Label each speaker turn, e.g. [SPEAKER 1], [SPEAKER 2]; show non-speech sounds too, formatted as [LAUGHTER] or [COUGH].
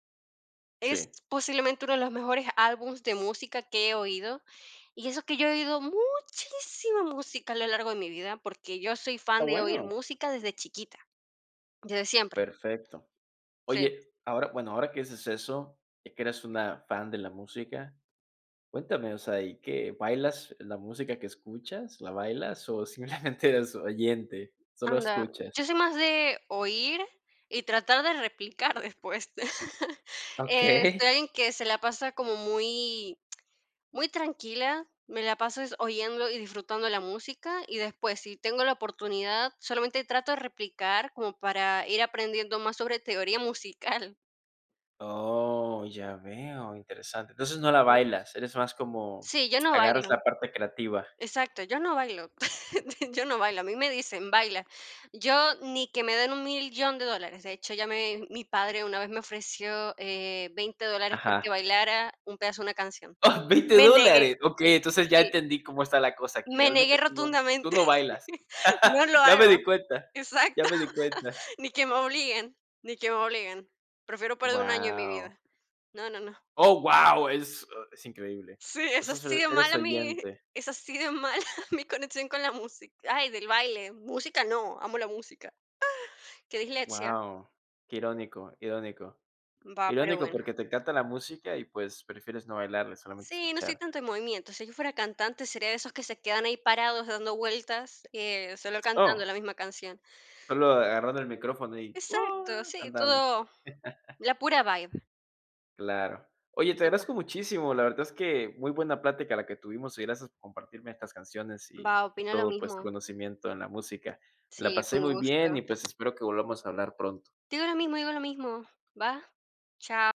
[SPEAKER 1] Es
[SPEAKER 2] Sí.
[SPEAKER 1] posiblemente uno de los mejores álbums de música que he oído, y eso que yo he oído muchísima música a lo largo de mi vida, porque yo soy
[SPEAKER 2] Está
[SPEAKER 1] fan de oír
[SPEAKER 2] bueno.
[SPEAKER 1] música desde chiquita, desde siempre.
[SPEAKER 2] Perfecto.
[SPEAKER 1] Sí.
[SPEAKER 2] Oye, ahora bueno, ahora que haces eso y que eres una fan de la música, cuéntame. O sea, ¿y qué?, ¿bailas la música que escuchas, la bailas o, simplemente eres oyente? ¿Solo
[SPEAKER 1] Anda,
[SPEAKER 2] escuchas?
[SPEAKER 1] yo soy más de oír y tratar de replicar después. [CHUCKLES] Este,
[SPEAKER 2] Okey.
[SPEAKER 1] alguien que se la pasa como muy muy tranquila, me la paso es oyendo y disfrutando la música, y después si tengo la oportunidad, solamente trato de replicar como para ir aprendiendo más sobre teoría musical.
[SPEAKER 2] Oh, ya veo, interesante. Entonces no la
[SPEAKER 1] [UNINTELLIGIBLE]
[SPEAKER 2] bailas, eres más como
[SPEAKER 1] Sí, yo no
[SPEAKER 2] agarras la
[SPEAKER 1] bailo
[SPEAKER 2] parte creativa.
[SPEAKER 1] exacto, yo no bailo, [CHUCKLES] yo no bailo, a mí me dicen: "Baila". Yo ni que me den $1000000 de dólares. De hecho, ya me mi padre una vez me ofreció, eh, 20 dólares porque
[SPEAKER 2] Ajá.
[SPEAKER 1] bailara un pedazo de una canción.
[SPEAKER 2] ¡Oh! ¿$20
[SPEAKER 1] Me negué
[SPEAKER 2] dólares?
[SPEAKER 1] mm,
[SPEAKER 2] Okey, entonces ya
[SPEAKER 1] sí.
[SPEAKER 2] entendí cómo está la cosa aquí.
[SPEAKER 1] Me
[SPEAKER 2] Realmente
[SPEAKER 1] negué
[SPEAKER 2] tú no tú
[SPEAKER 1] rotundamente.
[SPEAKER 2] no bailas.
[SPEAKER 1] [CHUCKLES] No lo
[SPEAKER 2] [LAUGHS] Ya me di
[SPEAKER 1] hago
[SPEAKER 2] cuenta, ya
[SPEAKER 1] exacto.
[SPEAKER 2] me di cuenta.
[SPEAKER 1] Ni que me obliguen, ni que me obliguen. Prefiero perder 1 año, mi
[SPEAKER 2] Guau.
[SPEAKER 1] vida. No, no, no.
[SPEAKER 2] ¡Oh, guau! es o es increíble.
[SPEAKER 1] Sí,
[SPEAKER 2] O
[SPEAKER 1] es
[SPEAKER 2] sea, solo
[SPEAKER 1] así de
[SPEAKER 2] eres
[SPEAKER 1] mala mi
[SPEAKER 2] oyente.
[SPEAKER 1] es así de mala mi conexión con la músic ay, del baile. Música no, amo la música. Ay, qué dislexia.
[SPEAKER 2] Guau, qué irónico, irónico.
[SPEAKER 1] Va, pero
[SPEAKER 2] Irónico
[SPEAKER 1] bueno.
[SPEAKER 2] porque te encanta la música y, pues, prefieres no bailarla, solamente
[SPEAKER 1] Sí, no estoy
[SPEAKER 2] escuchar.
[SPEAKER 1] tanto en movimiento. Si yo fuera cantante, sería de esos que se quedan ahí parados dando vueltas, eh, solo cantando
[SPEAKER 2] Oh.
[SPEAKER 1] la misma canción.
[SPEAKER 2] Solo agarrando el micrófono y: "Oh",
[SPEAKER 1] Exacto, sí,
[SPEAKER 2] cantando.
[SPEAKER 1] todo
[SPEAKER 2] [LAUGHS]
[SPEAKER 1] la pura vibe.
[SPEAKER 2] Claro. Oye,
[SPEAKER 1] Y
[SPEAKER 2] te
[SPEAKER 1] tota
[SPEAKER 2] agradezco muchísimo. La verdad es que muy buena plática la que tuvimos y gracias por compartirme estas canciones y
[SPEAKER 1] Va, opino lo
[SPEAKER 2] todo, pues, tu
[SPEAKER 1] mismo.
[SPEAKER 2] conocimiento en la música. La
[SPEAKER 1] Sí, fue
[SPEAKER 2] pasé
[SPEAKER 1] un
[SPEAKER 2] muy bien y,
[SPEAKER 1] gusto.
[SPEAKER 2] pues, espero que volvamos a hablar pronto.
[SPEAKER 1] Digo lo mismo, digo lo mismo, ¿va? Chao.